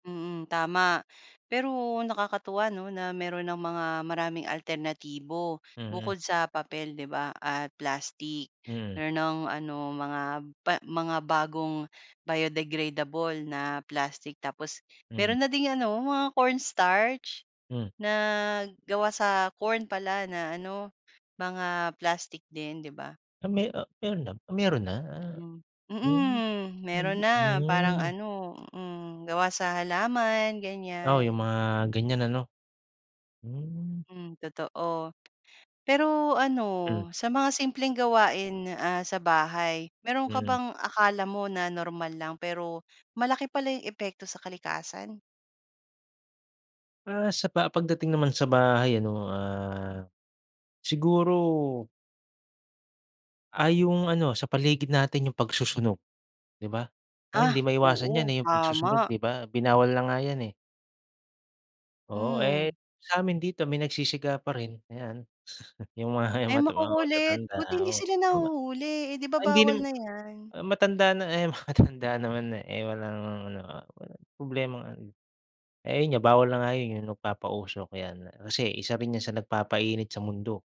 Mm, tama. Pero nakakatuwa, 'no, na meron ng mga maraming alternatibo, Mm. bukod sa papel, 'di ba, at plastic. Mm. Meron ng ano mga ba mga bagong biodegradable na plastic. Tapos, meron Mm. na ding ano mga cornstarch, Hmm. na gawa sa corn pala na ano, mga plastic din, 'di ba? Ah, me ah, meron na ah, meron na? Ah. Mm, Hmm. mhm meron [unintelligible] na. Parang na. ano hmm, gawa sa halaman Oo, yung ganyan. mga ganyan ano. Hmm. Hmm, totoo. Pero, ano Hmm. sa mga simpleng gawain, ah, sa bahay, meron ka Mm. bang akala mo na normal lang, pero malaki pala yung epekto sa kalikasan? Ah, sa pa pagdating naman sa bahay ano, ah, siguro ah yung ano, sa paligid natin yung pagsusunog, di ba? Ah, hindi Ah, maiwasan yan, oo, eh, yung pagsusunog, tama. di ba? Binawal na nga 'yan, eh. Oo. Hmm. Eh, sa'min dito may nagsisiga pa rin, ayan. Yung ma yung mga Ay mat yung mga makukulit. matatanda, Buti hindi oo. sila Ay ma nahuhuli, eh, 'di ba, ay hindi bawal naman na yan? matanda na eh, eh matatanda naman, eh. Eh, walang ano, ah, walang problemang ano eh, yun nga bawal na nga yun yung magpapausok ayan. Kasi, isa rin yan sa nagpapainit sa mundo.